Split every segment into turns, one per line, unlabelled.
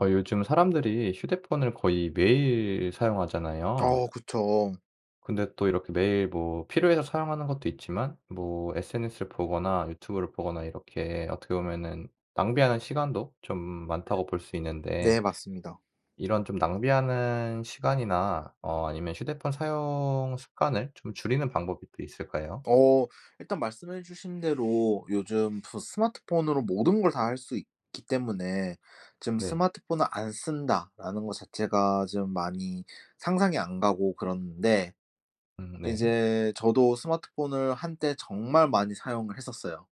어 요즘 사람들이 휴대폰을 거의 매일 사용하잖아요.
어. 그쵸.
근데 또 이렇게 매일 뭐 필요해서 사용하는 것도 있지만 뭐 SNS를 보거나 유튜브를 보거나 이렇게 어떻게 보면은 낭비하는 시간도 좀 많다고 볼 수 있는데
네. 맞습니다.
이런 좀 낭비하는 시간이나 어 아니면 휴대폰 사용 습관을 좀 줄이는 방법이 또 있을까요?
어. 일단 말씀해주신 대로 요즘 저 스마트폰으로 모든 걸 다 할 수 있기 때문에 좀
네.
스마트폰을 안 쓴다라는 거 자체가 좀 많이 상상이 안 가고 그러는데
음. 네.
이제 저도 스마트폰을 한때 정말 많이 사용을 했었어요.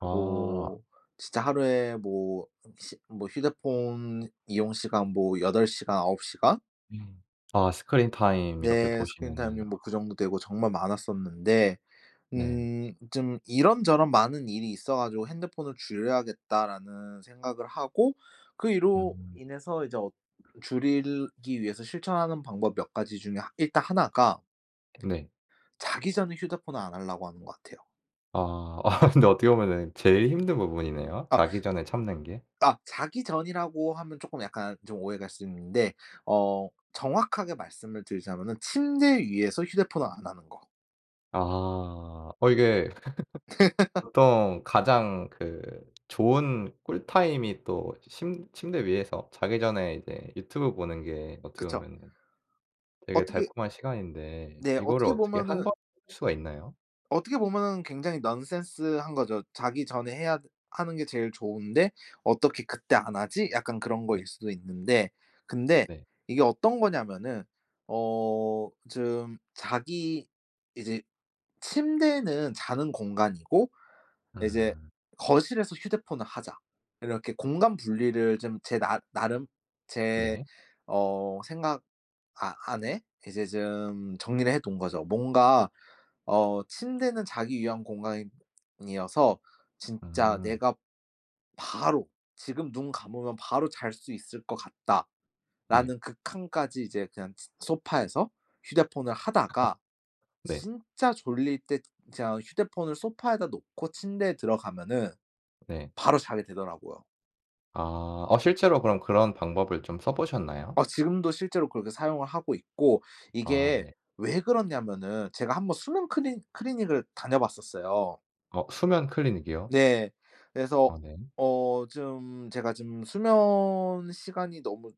아.
뭐 진짜 하루에 뭐 시 뭐 휴대폰 이용 시간 뭐 8 시간, 9 시간?
음. 아. 스크린 타임 이렇게
네. 스크린 타임이
보시면은 아.
뭐 그 정도 되고 정말 많았었는데
네.
음. 좀 이런저런 많은 일이 있어 가지고 '핸드폰을 줄여야겠다.'라는 생각을 하고 그 이로
음.
인해서 이제 어 줄이기 위해서 실천하는 방법 몇 가지 중에 일단 1 가
네.
자기 전에 휴대폰을 안 하려고 하는 거 같아요.
아. 아 근데 어떻게 보면은 제일 힘든 부분이네요
아.
자기 전에 참는 게.
아 자기 전이라고 하면 쪼끔 약간 좀 오해를 할 수 있는데 어 정확하게 말씀을 드리자면은 침대 위에서 휴대폰을 안 하는 거.
아. 어 이게 보통 가장 그 좋은 꿀 타임이 또 침 침대 위에서 자기 전에 이제 유튜브 보는 게 어떻게
그쵸.
보면은 되게
어떻게
달콤한 시간인데
네.
이거를
어떻게
어떻게 1
보면은
번 수가 있나요?
어떻게 보면은 굉장히 넌센스한 거죠. '자기 전에 해야 하는 게 제일 좋은데 어떻게 그때 안 하지?' 약간 그런
네.
거일 수도 있는데. 근데
네.
이게 어떤 거냐 하면은 어 좀 자기 '이제 침대는 자는 공간이고 이제
음.
거실에서 휴대폰을 하자.' 이렇게 공간 분리를 좀 제 나 나름 제
네.
어 생각 아 안에 이제 좀 정리를 해 둔 거죠. 뭔가 어 '침대는 자기 위한 공간이어서 진짜
음.
내가 바로 지금 눈 감으면 바로 잘 수 있을 거 같다.'라는
네.
극한까지 이제 그냥 쯔 소파에서 휴대폰을 하다가
네.
진짜 졸릴 때 진짜 휴대폰을 소파에다 놓고 침대에 들어가면은
네.
바로 자게 되더라고요.
아. 어 실제로 그럼 그런 방법을 좀 써 보셨나요?
아. 지금도 실제로 그렇게 사용을 하고 있고
아.
이게
네.
왜 그러냐면은 제가 한번 수면 크리 클리닉을 다녀봤었어요.
어 수면 클리닉이요?
네. 그래서
아 네.
어 좀 제가 좀 수면 시간이 너무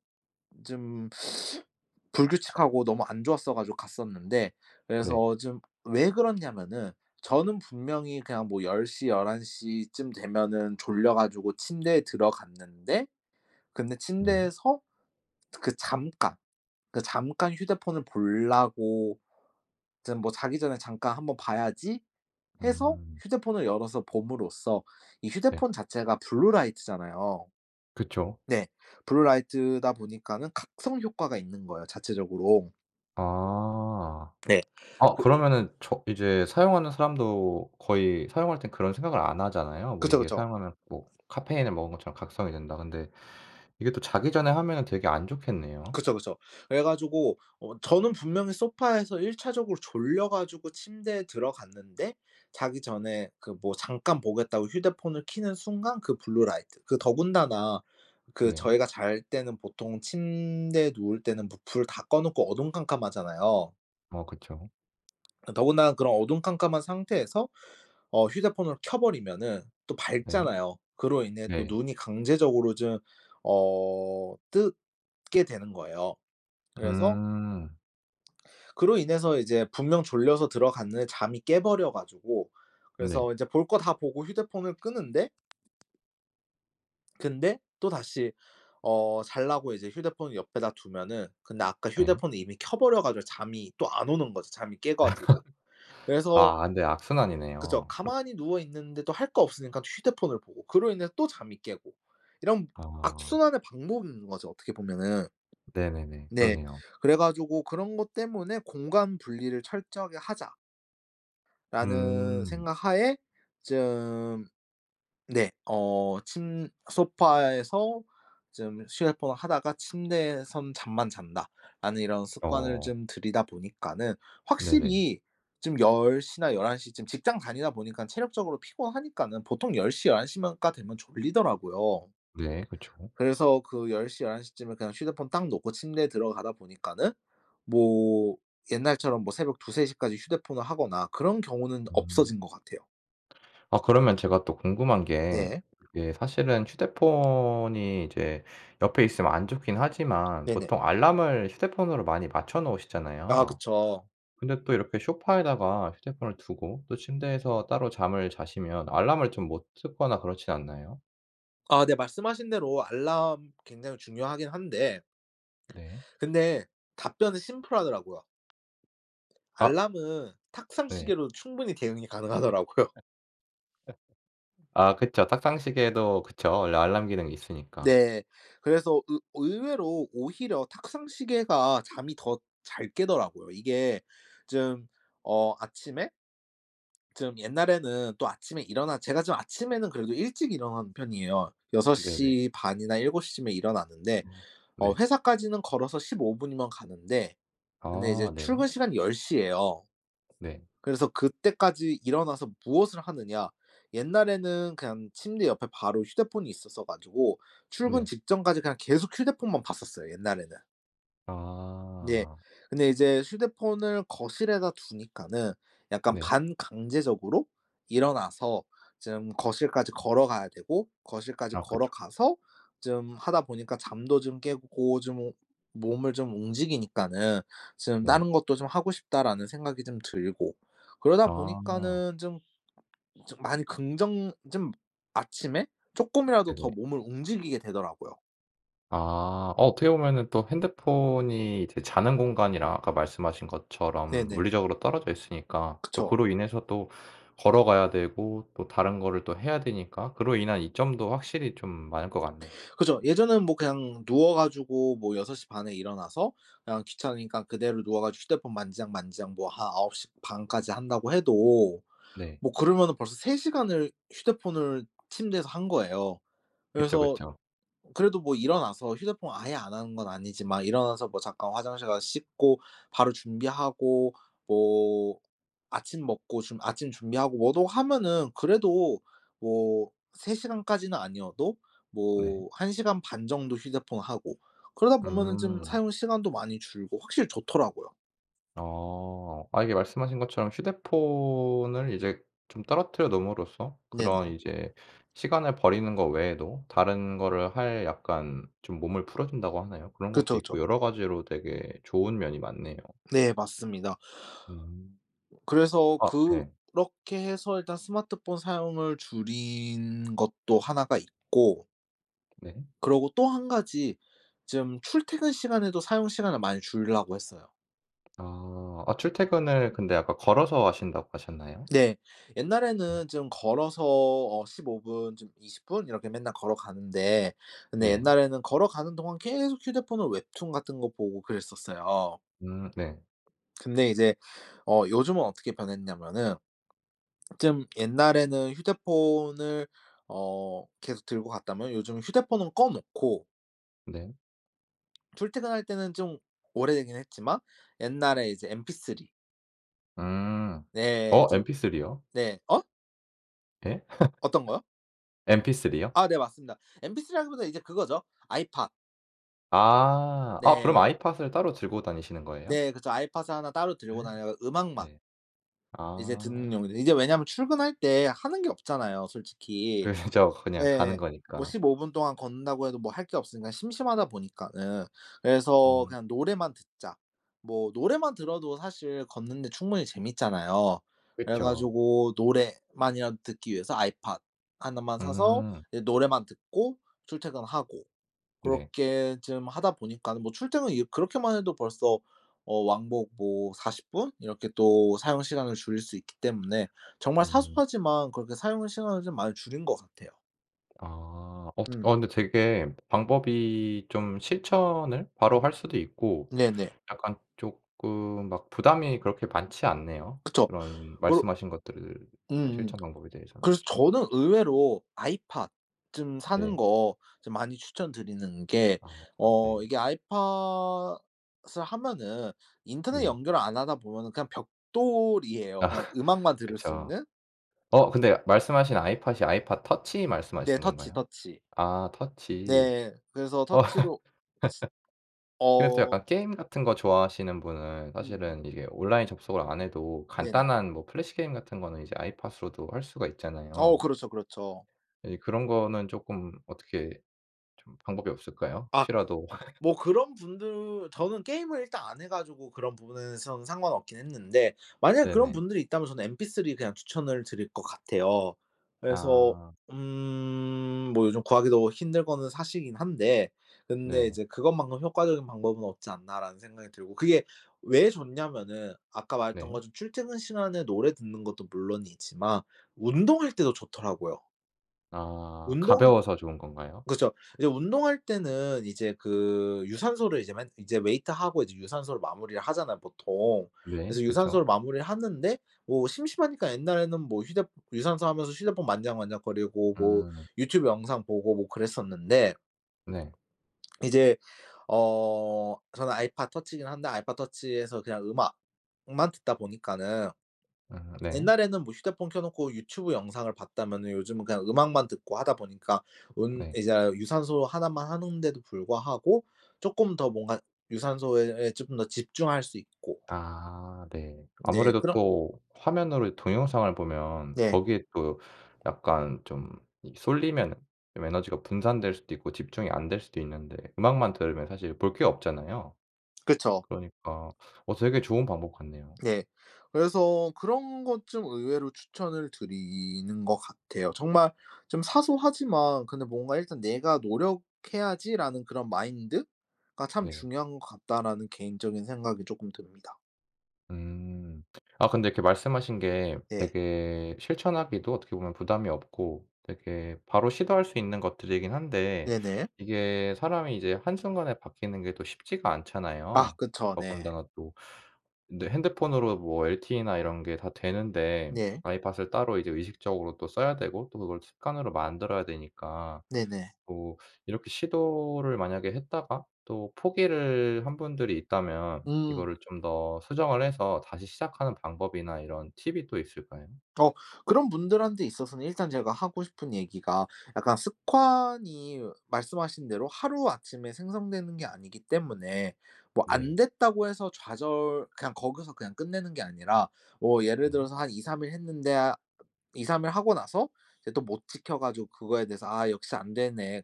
좀 불규칙하고 너무 안 좋았어 가지고 갔었는데
네.
그래서 좀 왜 그렇냐면은 저는 분명히 그냥 뭐 10 시, 11 시쯤 되면은 졸려 가지고 침대에 들어갔는데 근데
예.
침대에서 그 잠깐, 그 잠깐 휴대폰을 보려고 좀 뭐 '자기 전에 잠깐 한번 봐야지.'해서
음.
휴대폰을 열어서 봄으로써 이
네.
휴대폰 자체가 블루라이트잖아요.
그쵸.
네. 블루라이트다 보니까는 각성 효과가 있는 거예요, 자체적으로.
아.
네.
어
그
그러면은 저 이제 사용하는 사람도 거의 사용할 땐 그런 생각을 안 하잖아요. 뭐
그쵸,
이게
그쵸.
사용하면 뭐 '카페인을 먹은 것처럼 각성이 된다.' 근데 이게 또 자기 전에 하면은 되게 안 좋겠네요?
그쵸, 그쵸. 그래 가지고 어 저는 분명히 소파에서 일차적으로 졸려 가지고 침대에 들어갔는데 자기 전에 그 뭐 잠깐 보겠다고 휴대폰을 켜는 순간 그 블루라이트 그 더군다나 그
네.
저희가 잘 때는 보통 침대에 누울 때는 부 불 다 꺼 놓고 어두컴컴하잖아요.
어 그쵸.
어 더군다나 그런 어두컴컴한 상태에서 어 휴대폰을 켜 버리면은 또
네.
밝잖아요. 그로 인해 또
네.
눈이 강제적으로 좀 어 뜨게 되는 거예요. 그래서
음.
그로 인해서 이제 분명 졸려서 들어갔는데 잠이 깨 버려 가지고
네.
그래서 이제 볼 거 다 보고 휴대폰을 끄는데 근데 또다시 어 자려고 이제 휴대폰을 옆에다 두면은 근데 아까
네.
휴대폰이 이미 켜 버려 가지고 잠이 또 안 오는 거지 잠이 깨가지고. 그래서
아. 근데
그죠.
악순환이네요. 그렇
가만히 누워 있는데도 할 거 없으니까 휴대폰을 보고 그로 인해서 또 잠이 깨고 이런
아.
악순환의 반복인 거죠 어떻게 보면은.
네네네.
네.
그러네요.
그래 가지고 그런 것 때문에 '공간 분리를 철저하게 하자.' 라는
음.
생각 하에 좀 네 어 침 '소파에서 좀 휴대폰을 하다가 침대에선 잠만 잔다.'라는 이런 습관을
어.
좀 들이다 보니까는
네네.
확실히 좀 10 시나 11 시쯤 직장 다니다 보니깐 체력적으로 피곤하니까는 보통 10 시, 11 시만 가 되면 졸리더라고요.
네. 그쵸.
그래서 그 10 시, 11 시쯤에 그냥 휴대폰 딱 놓고 침대에 들어가다 보니까는 뭐 옛날처럼 뭐 새벽 2-3 시까지 휴대폰을 하거나 그런 경우는
음.
없어진 것 같아요.
아 그러면 제가 또 궁금한 게
네.
이게 사실은 휴대폰이 이제 옆에 있으면 안 좋긴 하지만
네네.
보통 알람을 휴대폰으로 많이 맞춰
아.
놓으시잖아요.
그쵸.
근데 또 이렇게 소파에다가 휴대폰을 두고 또 침대에서 따로 잠을 자시면 알람을 좀 못 듣거나 그렇지 않나요?
아. 네. 말씀하신 대로 알람 굉장히 중요하긴 한데
네.
근데 답변은 심플하더라고요.
아.
알람은 탁상
네.
시계로 충분히 대응이 가능하더라고요.
아. 그쵸. 탁상 시계도 그쵸. 원래 알람 기능이 있으니까.
네. 그래서 의 의외로 오히려 탁상 시계가 잠이 더 잘 깨더라고요. 이게 좀 어 아침에 좀 옛날에는 또 아침에 일어나 제가 좀 아침에는 그래도 일찍 일어나는 편이에요. 여섯
네네.
시 반 이나 7:00 쯤에 일어나는데
음.
어
네.
회사까지는 걸어서 15 분이면 가는데 근데 이제
아. 네.
출근 시간이 10:00 예요.
네.
그래서 그때까지 일어나서 무엇을 하느냐? 옛날에는 그냥 침대 옆에 바로 휴대폰이 있었어 가지고 출근
네.
직전까지 그냥 계속 휴대폰만 봤었어요, 옛날에는. 네.
아.
근데 이제 휴대폰을 거실에다 두니까는 약간
네.
반강제적으로 일어나서 좀 거실까지 걸어가야 되고 거실까지
아 그쵸.
걸어가서 좀 하다 보니까 잠도 좀 깨고 좀 몸을 좀 움직이니까는 좀
네.
'다른 것도 좀 하고 싶다.'라는 생각이 좀 들고 그러다
아.
보니까는 좀 좀 많이 긍정 좀 아침에 쪼끔이라도
네.
더 몸을 움직이게 되더라고요.
아 어 어떻게 보면은 또 핸드폰이 이제 자는 공간이랑 아까 말씀하신 것처럼
네네.
물리적으로 떨어져 있으니까 또
그쵸.
그로 인해서 또 걸어가야 되고 또 다른 거를 또 해야 되니까 그로 인한 이점도 확실히 좀 많을 것 같네요.
그죠. 예전엔 뭐 그냥 누워 가지고 뭐 6:30 에 일어나서 그냥 귀찮으니까 그대로 누워 가지고 휴대폰 만지작만지작 뭐 한 9:30 까지 한다고 해도
네.
뭐 그러면은 벌써 3 시간을 휴대폰을 침대에서 한 거예요.
그쵸,
그래서
그쵸.
그래도 뭐 일어나서 휴대폰 아예 안 하는 건 아니지만 일어나서 뭐 잠깐 화장실 가서 씻고 바로 준비하고 뭐 아침 먹고 준 아침 준비하고 뭐도 하면은 그래도 뭐 3 시간까지는 아니어도
네.
뭐 1 시간 반 정도 휴대폰하고 그러다 보면은 좀
음.
사용 시간도 많이 줄고 확실히 좋더라고요.
어 아 이게 말씀하신 것처럼 휴대폰을 이제 좀 떨어뜨려 놓음으로써 그런
네네.
이제 시간을 버리는 거 외에도 다른 거를 할 약간 좀 몸을 풀어준다고 하나요? 그런 것도
그쵸, 그쵸.
있고 여러 가지로 되게 좋은 면이 많네요.
네 맞습니다.
음.
그래서
아 네.
그렇게 해서 일단 스마트폰 사용을 줄인 것도 1 가 있고
네.
그리고 또 1 가지 좀 출퇴근 시간에도 사용 시간을 많이 줄이려고 했어요.
아. 아 출퇴근을 근데 아까 걸어서 하신다고 하셨나요?
네.
음.
옛날에는 좀 걸어서 어 15 분 좀 20 분 이렇게 맨날 걸어가는데, 근데
네.
옛날에는 걸어가는 동안 계속 휴대폰을 웹툰 같은 거 보고 그랬었어요.
음. 네.
근데 이제 어 요즘은 어떻게 변했냐면은 좀 옛날에는 휴대폰을 어 계속 들고 갔다면 요즘은 휴대폰은 꺼 놓고
네.
출퇴근할 때는 좀 오래되긴 했지만 옛날에 이제 MP3
음.
네.
어?
좀
MP3요?
네. 어?
예?
어떤 거요?
MP3요?
아. 네. 맞습니다. MP3라기보다 이제 그거죠 아이팟.
아. 아 그럼
네.
아이팟을 따로 들고 다니시는 거예요?
네. 그쵸. 아이팟을 1 따로 들고 다녀가 음악만
네.
이제 듣는
아.
용도 이제 왜냐면 출근할 때 하는 게 없잖아요, 솔직히.
그렇죠. 그냥 가는
네. 뭐
거니까.
15 분 동안 걷는다고 해도 뭐 할 게 없으니까 심심하다 보니까는 그래서
음.
그냥 노래만 듣자. 뭐 노래만 들어도 사실 걷는 데 충분히 재밌잖아요. 그래
그쵸.
가지고 노래만이라도 듣기 위해서 아이팟 1 만 사서
음.
이제 노래만 듣고 출퇴근하고
네.
고렇게 좀 하다 보니까는 뭐 출퇴근이 그렇게만 해도 벌써 어 왕복 뭐 40 분? 이렇게 또 사용 시간을 줄일 수 있기 때문에 정말
음.
사소하지만 그렇게 사용하는 시간을 좀 많이 줄인 것 같아요.
아. 어 되
음.
어 근데 되게 방법이 좀 실천을 바로
음.
할 수도 있고
네네.
약간 조금 막 부담이 그렇게 많지 않네요.
그쵸.
그런
올
말씀 하신 것들 뭐
음음.
실천 방법에 대해서는.
그래서 저는 의외로 아이팟 좀 사는
네.
거 좀 많이 추천드리는 게,
아. 아
어
네.
이게 아이팟을 하면은 인터넷
네.
연결을 안 하다 보면은 그냥 벽돌이에요.
아.
그냥 음악만 들을 수
그쵸.
있는.
어 근데 말씀하신 아이팟이 아이팟 터치
네.
말씀하시는
터치,
건가요?
터치.
아. 터치.
네. 그래서
어.
터치로 츠
근데 또
어.
약간 게임 같은 거 좋아하시는 분은
음.
사실은 이게 온라인 접속을 안 해도
네네.
간단한 뭐 플래시 게임 같은 거는 이제 아이팟으로도 할 수가
어.
있잖아요.
그렇죠, 그렇죠.
이제 그런 거는 조금 어떻게 좀 방법이 없을까요?
아.
혹시라도
뭐 그런 분들 저는 게임을 일단 안 해 가지고 그런 부분에서는 상관없긴 했는데 만약 그런
네네.
분들이 있다면 저는 MP3 그냥 추천을 드릴 거 같아요. 그래서
아.
음. 뭐 요즘 구하기도 힘든 거는 사실이긴 한데 근데
네.
이제 '그것만큼 효과적인 방법은 없지 않나.'라는 생각이 들고. 그게 왜 좋냐면은 아까 말했던
네.
것처럼 출퇴근 시간에 노래 듣는 것도 물론이지만 운동할 때도 좋더라고요.
아.
운동하
가벼워서 좋은 건가요?
그쵸. 이제 운동할 때는 이제 그 유산소를 이제 맨 이제 웨이트하고 이제 유산소를 마무리를 하잖아요, 보통.
네.
그래서
그쵸.
유산소를 마무리를 하는데 뭐 심심하니까 옛날에는 뭐 휴대 유산소 하면서 휴대폰 만지작 만지작거리고 뭐
음.
유튜브 영상 보고 뭐 그랬었는데
네.
이제 어 저는 아이팟 터치긴 한데 아이팟 터치에서 그냥 음악만 듣다 보니까는
으흠 네.
옛날에는 뭐 휴대폰 켜놓고 유튜브 영상을 봤다면은 요즘은 그냥 음악만 듣고 하다 보니까 운
네.
이제 유산소 1 만 하는데도 불구하고 쪼끔 더 뭔가 유산소에 예 조금 더 집중할 수 있고
아 네.
네.
아무래도
그런
또 화면으로 이 동영상을 보면
네.
거기에 또 약간 좀 이 쏠리면 에너지가 분산될 수도 있고 집중이 안 될 수도 있는데 음악만 들으면 사실 볼 게 없잖아요.
그쵸.
그러니까 어 되게 좋은 방법 같네요.
예. 그래서 그런 것 좀 의외로 추천을 드리는 거 같아요. 정말 좀 사소하지만 근데 뭔가 일단 '"내가 노력해야지."라는 그런 마인드가 참
네.
중요한 것 같다.'라는 개인적인 생각이 조금 듭니다.
음. 아 근데 이렇게 말씀하신 게
네.
되게 실천하기도 어떻게 보면 부담이 없고 되게 바로 시도할 수 있는 것들이긴 한데
네네.
이게 사람이 이제 한순간에 바뀌는 게 또 쉽지가
아
않잖아요.
그쵸 네.
더군다나 또 근데 핸드폰으로 뭐 LTE나 이런 게 다 되는데
네.
아이팟을 따로 이제 의식적으로 또 써야 되고 또 그걸 습관으로 만들어야 되니까.
네네.
뭐 이렇게 시도를 만약에 했다가 또 포기를 한 분들이 있다면
음.
이거를 좀 더 수정을 해서 다시 시작하는 방법이나 이런 팁이 또 있을까요?
어. 그런 분들한테 있어서는 일단 제가 하고 싶은 얘기가 약간 습관이 말씀하신 대로 하루아침에 생성되는 게 아니기 때문에 뭐 안
네.
됐다고 해서 좌절 그냥 거기서 그냥 끝내는 게 아니라, 뭐 예를
네.
들어서 한 2-3 일 했는데 아 2-3 일 하고 나서 이제 또 못 지켜 가지고 그거에 대해서 '아 역시 안 되네.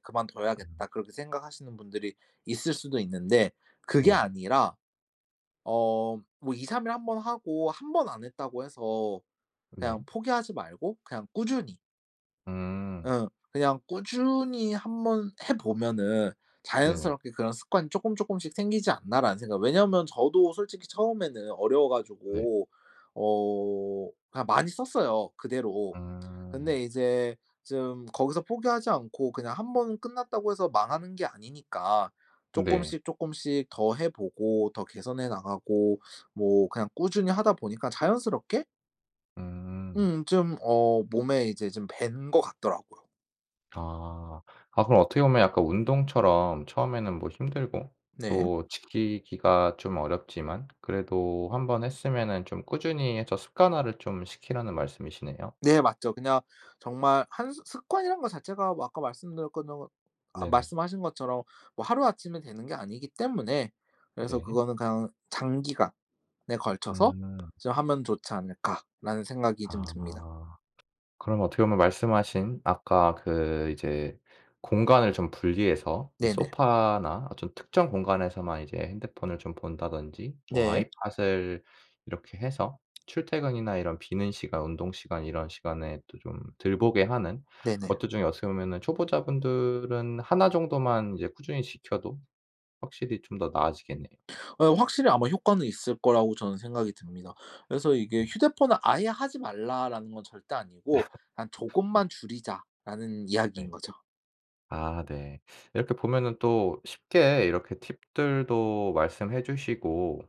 음.
그만둬야겠다.' 그렇게 생각하시는 분들이 있을 수도 있는데 그게
네.
아니라 어 뭐 2-3 일 1 번 하고 1 번 안 했다고 해서 그냥
네.
포기하지 말고 그냥 꾸준히.
음.
응. 그냥 꾸준히 한번 해 보면은
네네.
'자연스럽게 그런 습관이 쪼끔쪼끔씩 생기지 않나?'라는 생각. 왜냐면 저도 솔직히 처음에는 어려워
네.
가지고 어 그냥 많이 썼어요, 그대로.
음.
근데 이제 좀 거기서 포기하지 않고 그냥 1 번 끝났다고 해서 망하는 게 아니니까
네.
쪼끔씩 쪼끔씩 더 해 보고 더 개선해 나가고 뭐 그냥 꾸준히 하다 보니까 자연스럽게
음.
음. 좀 어 몸에 이제 좀 밴 것 같더라고요.
아. 아 그럼 어떻게 보면 약간 운동처럼 "처음에는 뭐 힘들고
네.
또 지키기가 좀 어렵지만 그래도 1 번 했으면은 좀 꾸준히 해서 습관화를 좀 시키라."는 말씀이시네요.
네. 맞죠. 그냥 정말 한 습 습관이란 거 자체가 뭐 아까 말씀드렸던 것 아
네네.
말씀하신 것처럼 뭐 하루아침에 되는 게 아니기 때문에 그래서
네.
그거는 그냥 '장기간에 걸쳐서
음.
좀 하면 좋지 않을까?'라는 생각이 좀 듭니다.
아. 그럼 어떻게 보면 말씀하신 아까 그 이제 공간을 좀 분리해서 이제
네네.
소파나 어떤 특정 공간에서만 이제 핸드폰을 좀 본다든지 뭐
네.
아이팟을 이렇게 해서 출퇴근이나 이런 비는 시간, 운동 시간, 이런 시간에 또 좀 덜 보게 하는
네네.
것도 좀 어떻게 보면은 초보자 분들은 1 정도만 이제 꾸준히 지켜도 확실히 좀 더 나아지겠네요.
어 확실히 아마 효과는 있을 거라고 저는 생각이 듭니다. 그래서 이게
음.
"휴대폰을 아예 하지 말라."라는 건 절대 아니고 한
네.
"조금만 줄이자."라는 이야기인
네.
거죠.
아 네. 이렇게 보면은 또 쉽게 이렇게 팁들도 말씀해 주시고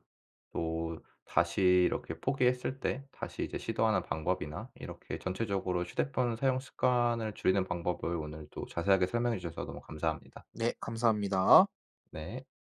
또 다시 이렇게 포기했을 때 다시 이제 시도하는 방법이나 이렇게 전체적으로 휴대폰 사용 습관을 줄이는 방법을 오늘 또 자세하게 설명해 주셔서 너무 감사합니다.
네. 감사합니다.
네.